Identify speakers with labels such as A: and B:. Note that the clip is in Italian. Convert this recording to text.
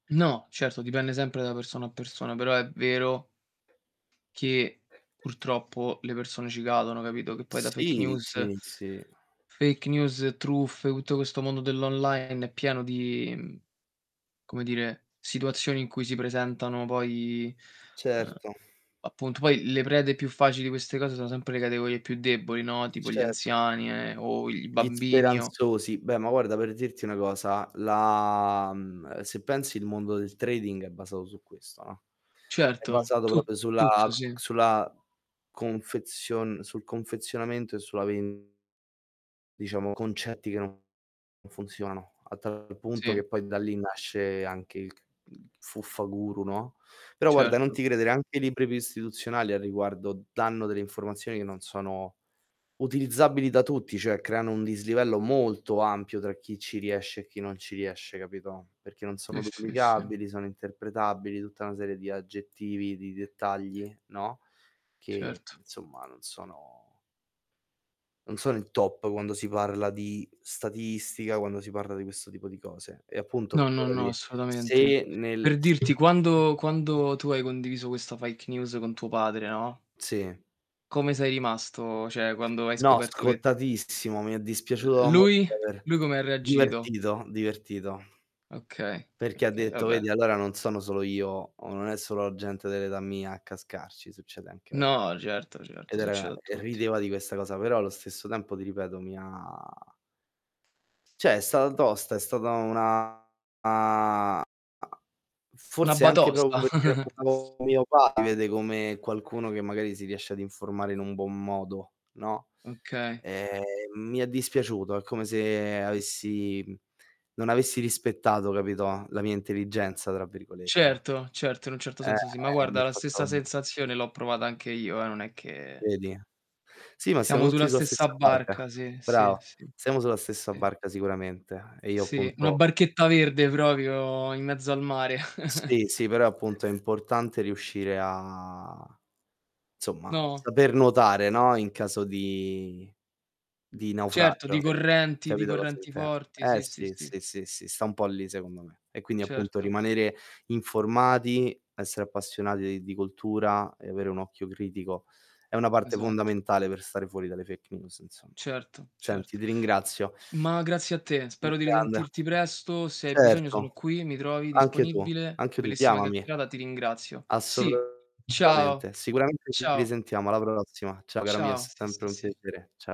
A: No, certo, dipende sempre da persona a persona, però è vero che, purtroppo, le persone ci cadono, capito, che poi da fake
B: Sì,
A: news
B: sì, sì.
A: fake news, truffe, tutto questo mondo dell' online è pieno di, mhmm, come dire, situazioni in cui si presentano poi eh,
B: Certo.
A: appunto, poi le prede più facili di queste cose sono sempre le categorie più deboli, no, tipo gli
B: Cer
A: anziani e o i
B: Gli
A: bambini, o
B: speranzosi. Beh, ma guarda, per dirti una cosa, la mhmm, se pensi il mondo del trading è basato su questo, no, è
A: Certo,
B: basato
A: tu
B: proprio sulla
A: tutto, sì.
B: sulla confezion sul confezionamento e sulla ven Diciamo, concetti che non funzionano. A tal punto,
A: Sì.
B: che poi da lì nasce anche il ch mhmm, fuffa-guru, no. Però guarda, non
A: Certo.
B: ti credere, anche i libri più istituzionali a riguardo danno delle informazioni che non sono utilizzabili da tutti, cioè creano un dislivello molto ampio tra chi ci riesce e chi non ci riesce, capito, perché non
A: Sì,
B: sono
A: sì, sì.
B: duplicabili, sono interpretabili, tutta una serie di aggettivi, di dettagli, no, che,
A: Certo.
B: insomma, non sono non sono il top, quando si parla di statistica, quando si parla di questo tipo di cose. E appunto,
A: No, no, no,
B: figurati,
A: assolutamente.
B: se nel
A: Per
B: se
A: dirti, quando quando tu hai condiviso questa fake news con tuo padre, no,
B: Sì.
A: come sei rimasto? Cioè, quando hai
B: No,
A: scoperto che
B: scottatissimo. Mi è
A: Uhm,
B: dispiaciuto da morire
A: lui?
B: aver
A: Lui come ha reagito?
B: divertito, divertito.
A: Okay,
B: Perché ha
A: okay,
B: detto:
A: vabbè.
B: "Vedi, allora non sono solo io, o non è solo la gente dell'età mia a cascarci, succede anche a"
A: No, certo,
B: Ed
A: certo,
B: era
A: succede a
B: e
A: tutti.
B: rideva di questa cosa, però allo stesso tempo, ti ripeto, mi ha Cioè, è stata tosta, è stata una
A: Una
B: forse anche proprio,
A: batosta.
B: perché [unintelligible] mio [unintelligible] come qualcuno che, magari, si riesce ad informare in un buon modo, no?
A: Okay.
B: Ehm, mi è dispiaciuto, è come se avessi mhmm, non avessi rispettato, capito, la mia "intelligenza", tra virgolette,
A: Certo, certo, in un certo
B: eh,
A: senso sì. Ma
B: eh mi
A: guarda,
B: ha
A: la
B: fatto
A: stessa sensazione l'ho provata anche io, eh, non è che
B: Vedi? Sì, ma
A: Siamo
B: siamo
A: sulla
B: tutti sulla
A: stessa
B: stessa barca,
A: barca, sì, sì,
B: brava,
A: sì.
B: siamo sulla stessa
A: I
B: barca sicuramente e io,
A: Sì, una
B: appunto
A: barchetta verde, proprio, in mezzo al mare.
B: Sì, sì, però è appunto, è importante riuscire a, insomma,
A: No?
B: saper nuotare, no, in caso di
A: Mhmm,
B: di
A: certo, di
B: naufragio, [unintelligible]
A: correnti di
B: capito cosa
A: correnti
B: inten
A: forti,
B: eh
A: sì, sì,
B: sì,
A: sì.
B: sì, sì, sì, sta un po' lì secondo me. E quindi, appunto,
A: Certo.
B: rimanere informati, essere appassionati di cultura e avere un occhio critico è una parte
A: Esatto.
B: fondamentale per stare fuori dalle fake news, insomma.
A: Certo,
B: Senti,
A: certo.
B: ti ringrazio.
A: Ma grazie a te,
B: Mh,
A: spero di
B: grande.
A: risentirti presto. Se hai bisogno
B: Certo,
A: sono qui, mi trovi
B: anche tu,
A: disponibile.
B: anche tu,
A: Bellissima
B: chiamami.
A: chiaccherata, ti ringrazio, sì. Ciao,
B: Assolutamente. Sicuramente ci
A: ciao.
B: risentiamo. Alla prossima. Ciao cara mia, è
A: Ciao. Sì,
B: sempre
A: sì,
B: un
A: sì
B: piacere. Cia